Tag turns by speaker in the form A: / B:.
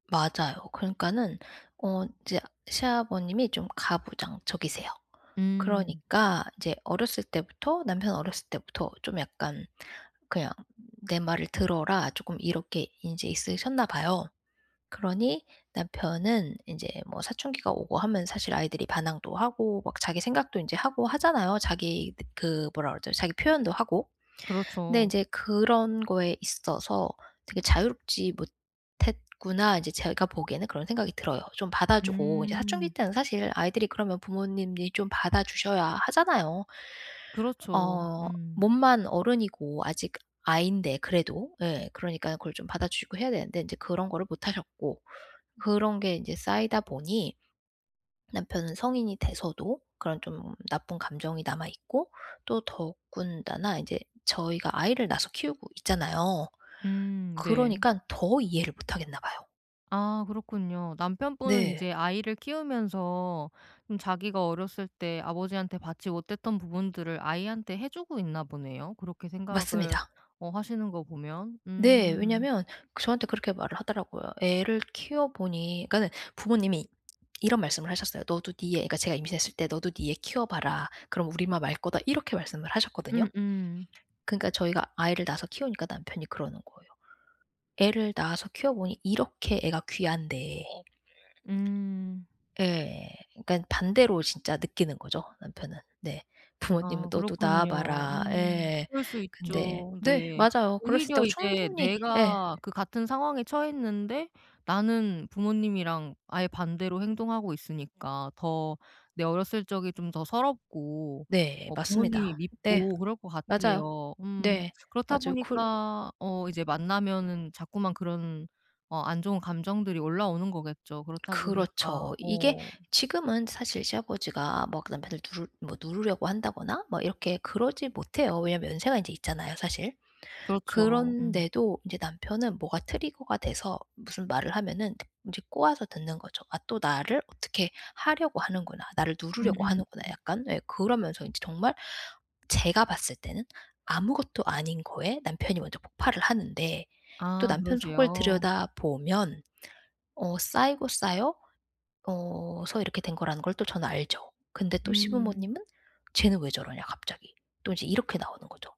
A: 맞아요. 그러니까는 어 인제 시아버님이 좀 가부장적이세요.
B: 음.
A: 그러니까 이제 어렸을 때부터 남편 어렸을 때부터 좀 약간 그냥 "내 말을 들어라." 쪼끔 이렇게 인제 있으셨나 봐요. 그러니 남편은 인제 뭐 사춘기가 오고 하면 사실 아이들이 반항도 하고 막 자기 생각도 인제 하고 하잖아요. 자기 느 그 뭐라 그러죠? 자기 표현도 하고. 근데
B: 그렇죠.
A: 인제 그런 거에 있어서 되게 '자유롭지 못했구나.' 인제 제가 보기에는 그런 생각이 들어요. 좀 받아 주고 이제 사춘기
B: 음.
A: 때는 사실 아이들이 그러면 부모님이 좀 받아 주셔야 하잖아요.
B: 그렇죠.
A: 어
B: 음.
A: 몸만 어른이고 아직 아이인데 그래도. 예 그러니까는 그걸 좀 받아 주시고 해야 되는데 인제 그런 거를 못 하셨고, 그런 게 인제 쌓이다 보니 남편은 성인이 돼서도 그런 좀 나쁜 감정이 남아 있고 또 더군다나 인제 저희가 아이를 낳아서 키우고 있잖아요.
B: 음 네.
A: 그러니깐 더 이해를 못 하겠나 봐요.
B: 아 그렇군요. 남편분은
A: 네.
B: 이제 아이를 키우면서 좀 자기가 어렸을 때 아버지한테 받지 못했던 부분들을 아이한테 해 주고 있나 보네요. 그렇게 생각을
A: 맞습니다.
B: 어 하시는 거 보면.
A: 네
B: 음.
A: 왜냐하면 그 저한테 그렇게 말을 하더라고요. 애를 키워보니 그러니까는 부모님이 이런 말씀을 하셨어요. "너도 네 애가" 제가 임신했을 때 "너도 네 애 키워봐라. 그럼 우리 마음 알 거다." 이렇게 말씀을 하셨거든요.
B: 음음.
A: 그러니까 저희가 아이를 낳아서 키우니까 남편이 그러는 거예요. "애를 낳아서 키워 보니 이렇게 애가 귀한데"
B: 음.
A: 예. 그러니까 반대로 진짜 느끼는 거죠 남편은. 네. 부모님은
B: 아
A: "너도 낳아
B: 그렇군요.
A: 봐라."
B: 음.
A: 예.
B: 그럴 수
A: 근데
B: 있죠.
A: 네
B: 네.
A: 맞아요. 그럴 수
B: 오히려
A: 있다고
B: 이제
A: 충분히 예.
B: 내가 그 같은 상황에 처했는데 나는 부모님이랑 아예 반대로 행동하고 있으니까 더 내 어렸을 적이 좀 더 서럽고
A: 네
B: 뭐
A: 맞습니다.
B: 부모님이
A: 네
B: 밉고 그럴 것
A: 맞아요.
B: 같아요. 음.
A: 네
B: 그렇다
A: 아주 쿨
B: 보니까 어 이제 만나면은 자꾸만 그런 어 안 좋은 감정들이 올라오는 거겠죠. 그렇다 보니까
A: 그렇죠. 이게
B: 어.
A: 지금은 사실 시아버지가 막 그 남편을 누르 뭐 누르려고 한다거나 막 이렇게 그러지 못해요. 왜냐하면 연세가 인제 있잖아요 사실.
B: 그렇죠. 음.
A: 그런데도 인제 남편은 뭐가 trigger가 돼서 무슨 말을 하면은 인제 꼬아서 듣는 거죠. '아 또 나를 어떻게 하려고 하는구나. 나를 누르려고
B: 음음.
A: 하는구나.'
B: 음.
A: 약간 예 그러면서 인제 정말 제가 봤을 때는 아무것도 아닌 거에 남편이 먼저 폭발을 하는데 또
B: 아
A: 남편 속을
B: 그러세요.
A: 들여다보면 어 쌓이고 쌓여 어 서 이렇게 된 거라는 걸 또 저는 알죠. 근데 또
B: 음.
A: 시부모님은 "쟤는 왜 저러냐 갑자기." 또 인제 이렇게 나오는 거죠.